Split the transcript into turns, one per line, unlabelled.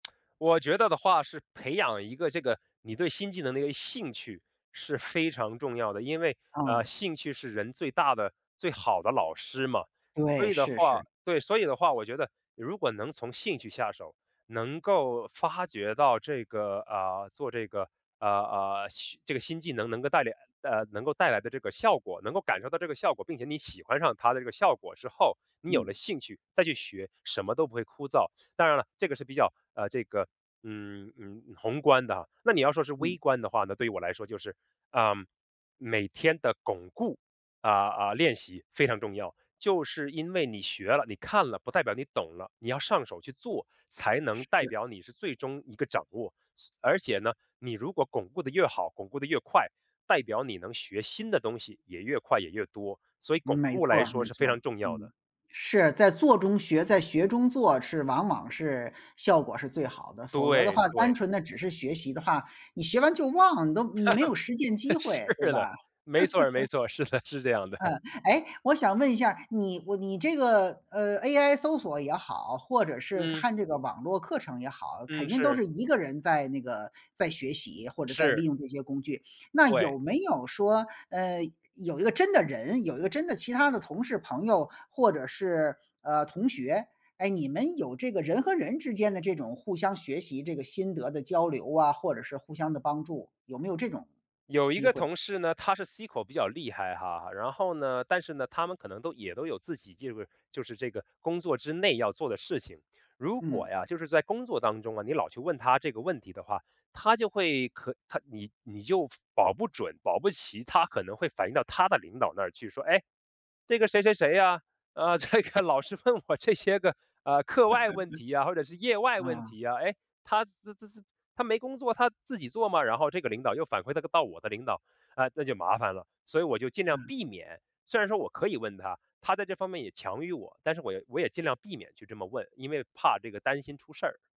我觉得的话是培养一个这个你对新技能的一个兴趣，是非常重要的。因为，呃，
哦。
兴趣是人最大的最好的老师嘛。所
对，
以的
是是。
话对，所以的话，我觉得如果能从兴趣下手，能够发觉到这个，呃，做这个，呃，呃，新这个新技能能够带领呃，能够带来的这个效果，能够感受到这个效果，并且你喜欢上它的这个效果之后，你有
嗯。
了兴趣再去学，什么都不会枯燥。当然了，这个是比较，呃，这个，嗯，嗯，宏观的啊。那你要说是
嗯。
微观的话呢，对我来说就是，嗯，每天的巩固，呃，呃，练习非常重要。就是因为你学了，你看了，不代表你懂了，你要上手去做，才能代
是。
表你是最终一个掌握。是而且呢，你如果巩固得越好，巩固得越快，代表你能学新的东西也越快也越多，所以巩
没
固
错
来
儿，
说
没
是
错
非
儿，
常重要
嗯。
的。
是，在做中学，在学中做是往往是效果是最好的。否则的
对，
话，单
对。
纯地只是学习的话，你学完就忘，你都你没有实践机
是
会，对吧？
的，没错儿，没 错儿。是的，是这样的。
嗯。诶，我想问一下儿，你我你这个，呃，AI 搜索也好，或者是
嗯。
看这个网络课程也好，肯
嗯，
定都
是。
是一个人在那个在学习，或者在利
是。
用这些工具。那
对。
有没有说，呃，有一个真的人，有一个真的其他的同事、朋友，或者是，呃，同学，哎，你们有这个人和人之间的这种互相学习，这个心得的交流啊，或者是互相的帮助，有没有这种
有一
机
个
会？
同事呢，他是 SQL 比较厉害哈。然后呢但是呢，他们可能都也都有自己这边儿就是这个工作之内要做的事情。如果
嗯。
呀，就是在工作当中啊，你老去问他这个问题的话，他就会可他你你就保不准保不齐，他可能会反映到他的领导那儿去，说：“诶，这个谁谁谁呀，呃，这个老是问我这些个，呃，课外问题呀，或者是业 外问
嗯。
题呀。诶，他自自自他没工作，他自己做吗？“然后这个领导又反馈那个到我的领导，呃，那就麻烦了。所以我就尽量
嗯。
避免。虽然说我可以问他，他在这方面也强于我，但是我要我也尽量避免去这么问，因为怕这个担心出事儿。